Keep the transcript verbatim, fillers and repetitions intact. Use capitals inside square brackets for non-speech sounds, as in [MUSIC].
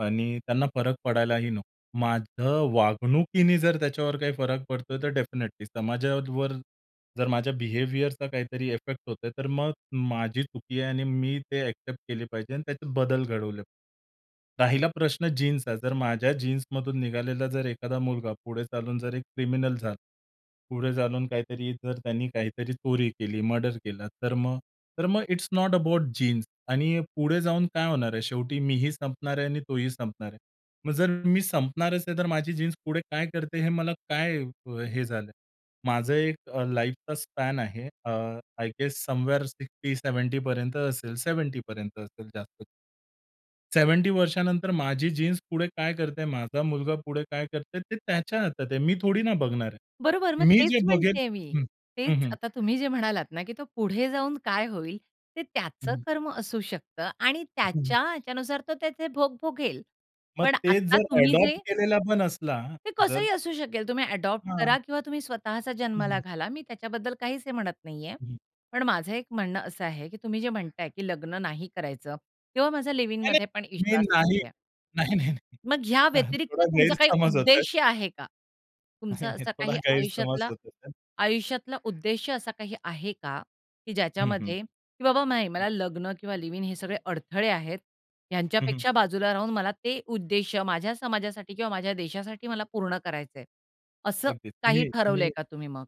आणि त्यांना फरक पडायलाही नको. माझ्या वागणुकीने जर त्याच्यावर काही फरक पडतोय, तर डेफिनिटली समाजावर जर माझ्या बिहेवियरचा काहीतरी इफेक्ट होतोय, तर मग माझी चुकी आहे आणि मी ते ॲक्सेप्ट केले पाहिजे आणि त्याचे बदल घडवले पाहिजे. राहिला प्रश्न जीन्सचा. जर माझ्या जीन्समधून निघालेला जर एखादा मुलगा पुढे चालून जर एक क्रिमिनल झाला. पुढे चालून काहीतरी जर त्याने काहीतरी चोरी केली, मर्डर केला, तर मग तर मग इट्स नॉट अबाउट जीन्स आणि पुढे जाऊन काय होणार आहे. शेवटी मीही संपणार आहे आणि तोही संपणार आहे. मग जर मी संपणारच आहे तर माझी जीन्स पुढे काय करते हे मला काय अ, हे झालंय. माझं एक अ, लाईफचा स्पॅन आहे. अ, I guess somewhere sixty seventy पर्यंत असेल, सेव्हेंटी पर्यंत असेल जास्त. सेव्हेंटी वर्षानंतर माझी जीन्स पुढे काय करतेय, माझा मुलगा पुढे काय करतेय, ते त्याच्या हातात आहे. मी थोडी ना बघणार आहे. बरोबर मग मी जे तेच बघेल म्हणत्येय मी. हं. हं, हं. तेच.आता तुम्ही जे म्हणालात ना, की तो पुढे जाऊन काय होईल, ते हं, त्याचं हं. कर्म असू शकतं आणि हं. त्याच्या याच्यानुसार तो त्याचे भोग भोगेल. मग पण तेच आता जर तुम्ही ॲडॉप्ट जे केलेला पण असला, ते जर कसंही असू शकेल. तुम्ही ॲडॉप्ट हां. करा किंवा तुम्ही स्वतःचा हं, जन्माला हं. घाला. मी त्याच्याबद्दल काहीच हे म्हणत नाहीये. हं. पण माझं एक म्हणणं असं आहे की तुम्ही जे म्हणताय की लग्न नाही करायचं किंवा माझा नाही, लिव्ह-इनमध्ये पण नाही. मी विश्वास नाही नाहीये. नाही, नाही, नाही. मग ह्या [CHUCKLES] व्यतिरिक्त थोडा तुमचा काही गैरसमज होतोय. उद्देश्य आहे का? नाही, तुमचा नाही. असा थोडा काही गैरसमज आयुष्यातला होत होता. आयुष्यातला उद्देश्य असा काही आहे का? की हं, हं. ज्याच्यामध्ये की बाबा, "नाही हं. मला लग्न किंवा लिव्ह-इन हे सगळे अडथळे आहेत. हं, हं. ह्यांच्यापेक्षा बाजूला राहून मला ते उद्देश्य माझ्या समाजासाठी किंवा माझ्या देशासाठी मला पूर्ण करायचंय." असं अगदीच. काही मी अ, ठरवलंय मी का तुम्ही मग?